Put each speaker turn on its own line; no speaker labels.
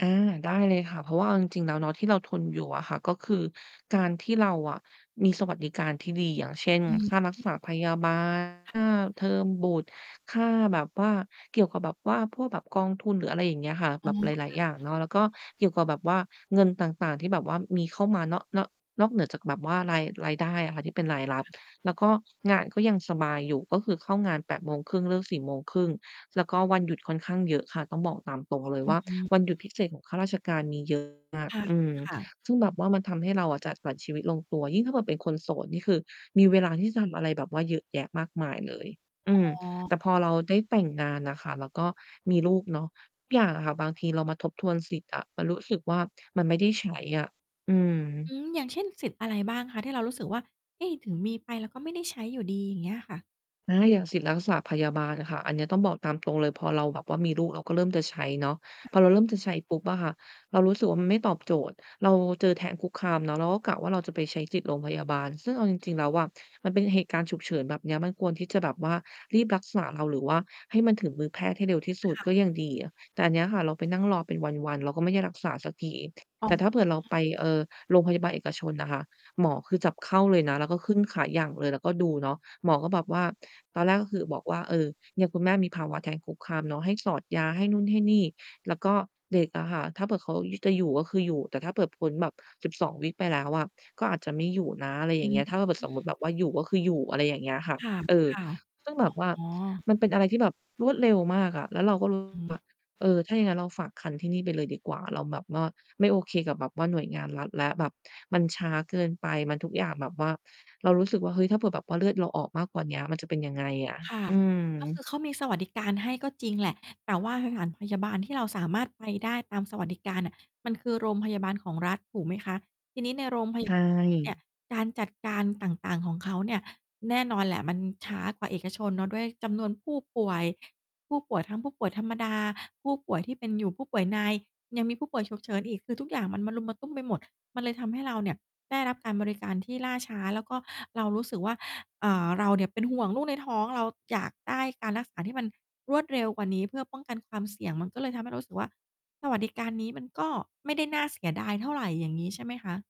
อา ได้เลยค่ะ เพราะว่าเอาจริง ๆ แล้วเนาะ ที่เราทนอยู่อะค่ะก็คือการที่เราอะมีสวัสดิการที่ดี อย่างเช่น
อื
ค
อ
่ารัก
ฮ
ษ
ึ
า พยาบาล ค่าเทอมบุตร ค่าแบบว่า เกี่ยวกับแบบว่าพวกแบบกองทุนหรืออะไรอย่างเงี้ยค่ะ
อ
แบ
๋อ
บหลาย
ค่
ๆ อ
ะ
ย่างเนาะ แล้วก็เกี่ยวกับแบบว่าเงินต่าง ๆ ที่แบบว่ามีเข้ามาเนาะ เนาะ นอกเหนือจากแบบว่าราย รายได้อะค่ะ ที่เป็นรายรับ แล้วก็งานก็ยังสบายอยู่ ก็คือเข้างาน 8 โมงครึ่ง เลิก 4 โมงครึ่ง แล้วก็วันหยุดค่อนข้างเยอะค่ะ ต้องบอกตามตรงเลย
อื
ว
อ
่า
อืม
วันหยุดพิเศษของข้าราชการมี เยอะ มาก
คะ
อืม
ค่ะ
ซึ่งแบบว่ามันทำให้เราอะจัดสรรชีวิตลงตัว ยิ่งถ้าเผื่อเป็นคนโสดนี่คือมีเวลาที่จะทำอะไรแบบว่าเยอะแยะมากมาย เลย อ
อ๋อ
ืม แต่พอเราได้แต่งงานน่ะค่ะแล้วก็มีลูกเนาะ ทุกอย่างอะค่ะ บางทีเรามาทบทวนสิทธิ์อะ มันรู้สึกว่า มันไม่ได้ ใช้ อะ อื
อ
ม
ืม อย่างเช่นสิทธิ์อะไรบ้างคะ? ที่เรารู้สึกว่า เอ๊ ถึงมีไปเราก็ไม่ได้ใช้อยู่ดี อย่างเงี้ยค่ะ
อา อย่างสิทธิ์รักษาพยาบาลน่ะค่ะ อันเนี้ย ต้องบอกตามตรงเลย พอเราแบบว่ามีลูก เราก็เริ่มจะใช้เนาะ พอเราเริ่มจะใช้ปุ๊บอะค่ะ เรารู้สึกว่า มันไม่ตอบโจทย์ เราเจอแท้งคุกคามเนาะ เราก็กะว่าเราจะไปใช้สิทธิ์โรงพยาบาล ซึ่งเอาจริง ๆ แล้วอะ มันเป็นเหตุการณ์ฉุกเฉินแบบเนี้ย มันควรที่จะแบบว่ารีบรักษาเรา หรือว่าให้มันถึงมือแพทย์ให้เร็วที่สุ
ค
ด
่
ก็
ะ
ยังดีอะ แต่อันเนี้ยค่ะเราไปนั่งรอเป็นวัน ๆ เราก็ไม่ได้รักษาสักที
อ๋
แต
อ
่ถ้าเผื่อเราไป เอ่อ โรงพยาบาลเอกชนน่ะค่ะ หมอคือจับเข้าเลยนะ แล้วก็ขึ้นขาหยั่งเลย แล้วก็ดูเนาะ หมอก็แบบว่า ตอนแรกก็คือบอกว่า "เออ เนี่ย คุณแม่มีภาวะแท้งคุกคามเนาะ ให้สอดยา" ให้นู่นให้นี่ แล้วก็เด็กอะค่ะ ถ้าเผื่อเขา ย จะอยู่ก็คืออยู่ แต่ถ้าเผื่อพ้นแบบ 12 วีก ไปแล้วอะ ก็อาจจะไม่อยู่นะ อะไรอ
อื
ย่างเงี้
ม
ย ถ้าเราเผื่อ สมมติแบบว่าอยู่ก็คืออยู่ อะไรอย่างเงี้ยค่ะ
ค่ะ
เออ
ค่ะ
ซึ่งแบบว่า
อ๋อ
มันเป็นอะไรที่แบบรวดเร็วมากอะ แล้วเราก็ รู้สึ
อือ
ก
ฮึ
ว่า เออ ถ้าอย่างงั้นเราฝากครรภ์ที่นี่ไปเลยดีกว่า เราแบบว่าไม่โอเคกับแบบว่าหน่วยงานรัฐแล้ว แบบมันช้าเกินไป มันทุกอย่างแบบว่า เรารู้สึกว่า "เฮ้ย ถ้าเผื่อแบบว่าเลือดเราออกมากกว่าเนี้ย มันจะเป็นยังไงอะ?"
ค่ะ
อืม
ก็คือ เขามีสวัสดิการให้ก็จริงแหละ แต่ว่าสถานพยาบาลที่เราสามารถไปได้ตามสวัสดิการน่ะ มันคือโรงพยาบาลของรัฐ ถูกไหมคะ? ทีนี้ ใน โรงพ
ใ
ยา
ช
บาลของรัฐเนี่ย
่
การจัดการต่าง ๆ ของเขาเนี่ย แน่นอนแหละมันช้ากว่าเอกชนเนาะ ด้วยจำนวนผู้ป่วย ผู้ป่วยทั้งผู้ป่วยธรรมดา ผู้ป่วยที่เป็น อยู่ ผู้ป่วยใน ยังมีผู้ป่วยฉุกเฉินอีก คือทุกอย่างมันมะรุมมะตุ้มไปหมด มันเลยทำให้เราเนี่ยได้รับการบริการที่ล่าช้า แล้วก็เรารู้สึกว่า เอ่อ เราเนี่ยเป็นห่วงลูกในท้องเรา อยากได้การรักษาที่มันรวดเร็วกว่านี้ เพื่อป้องกันความเสี่ยง มันก็เลยทำให้เรารู้สึกว่า สวัสดิการนี้มันก็ไม่ได้น่าเสียดายเท่าไร อย่างงี้ ใช่ไหมคะ?